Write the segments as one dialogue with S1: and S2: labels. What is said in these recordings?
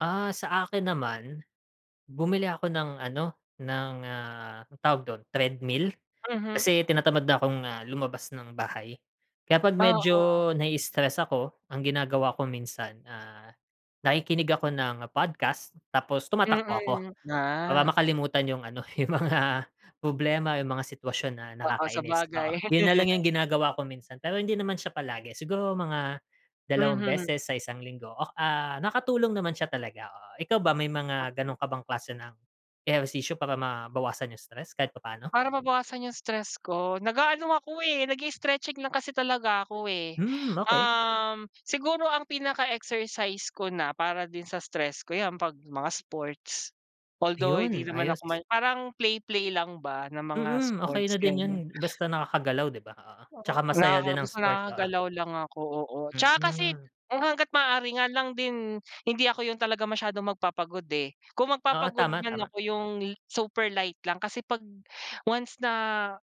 S1: Ah, sa akin naman, bumili ako ng ano, ng ah, anong tawag dun, Treadmill?
S2: Mhm.
S1: Kasi tinatamad na akong ah, lumabas ng bahay. Kaya 'pag
S2: Oo.
S1: medyo nai-istress ako, ang ginagawa ko minsan, ah, nakikinig ako ng podcast, tapos tumatakbo ako.
S2: Mm,
S1: Para
S2: ah.
S1: makalimutan 'yung ano, 'yung mga problema, 'yung mga sitwasyon na
S2: Oo,
S1: nakakainis.
S2: sabagay.
S1: Oo. 'Yun na lang 'yung ginagawa ko minsan pero hindi naman siya palagi, siguro mga dalawang
S2: Mhm.
S1: beses sa isang linggo ok ah, nakatulong naman siya talaga, oo. Ikaw ba may mga
S2: [unintelligible]
S1: ganong ka bang klase ng ehersisyo para mabawasan 'yung stress kahit papaano?
S2: Para mabawasan 'yung stress ko, nag-aano ako eh, nag-i-stretching lang kasi talaga ako, eh.
S1: Hmm, okey.
S2: Uhm, siguro ang pinaka-exercise ko na para din sa stress ko, 'yan 'pag mga sports. Although, di
S1: Iyon,
S2: naman
S1: ayos.
S2: ako may parang play play lang ba ng mga
S1: Mm. Okey
S2: sports,
S1: na din 'yun.
S2: ganyan.
S1: Basta nakakagalaw, di ba? Oo, 'tsaka masaya
S2: Nakaka
S1: din ng
S2: gus
S1: sport, oo.
S2: nakakagalaw lang ako, oo. 'Tsaka kasi
S1: Mm.
S2: kung hangga't maaari nga lang din hindi ako 'yun talaga masyadong magpapagod, eh, kung
S1: Oo.
S2: magpapagod
S1: Tama
S2: man
S1: tama.
S2: ako, 'yung li super light lang. Kasi 'pag once na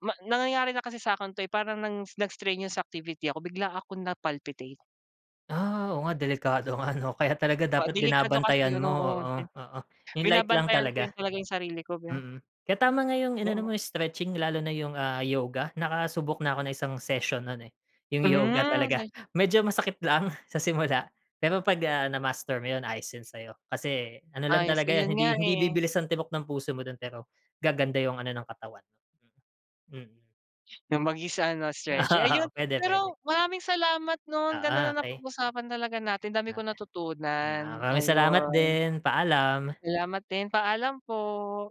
S2: ma nangyayari na kasi sa akin 'to, eh, parang ng nag-strenuous activity ako, bigla akong na-palpitate.
S1: Ah, oo nga delikado nga, 'no, kaya talaga
S2: Ah,
S1: dapat
S2: delikado kasi
S1: binabantayan
S2: 'yun,
S1: mo.
S2: oo. Bi
S1: Oo, oo. 'Yung light lang
S2: binabantayan ko 'yun
S1: talaga.
S2: talaga 'yung sarili ko ba.
S1: Mm. Kaya tama nga 'yung inano
S2: Oo.
S1: mo stretching lalo na 'yung, ah, yoga, nakasubok na ako ng isang session 'nun, eh. 'Yung yoga
S2: Hmm,
S1: talaga.
S2: sabi
S1: Medyo masakit lang sa simula pero 'pag ah, na-master mo, ayos 'yon sa 'yo. Kasi ano lang
S2: Ayos.
S1: talaga
S2: Iyon
S1: 'yan,
S2: nga
S1: hindi hindi
S2: eh.
S1: bibilis ang tibok ng puso mo dun, pero gaganda 'yung ano ng katawan. Mm.
S2: 'Yung mag-isa ano, stretch, ayun.
S1: Oo. Pwede, pwede.
S2: Pero maraming salamat 'no, ang ganda
S1: Oo,
S2: ng
S1: okey.
S2: napag-usapan talaga natin, dami kong
S1: Okey. 'Yan,
S2: natutunan.
S1: maraming salamat
S2: Ayun.
S1: din, paalam.
S2: Salamat din, paalam po.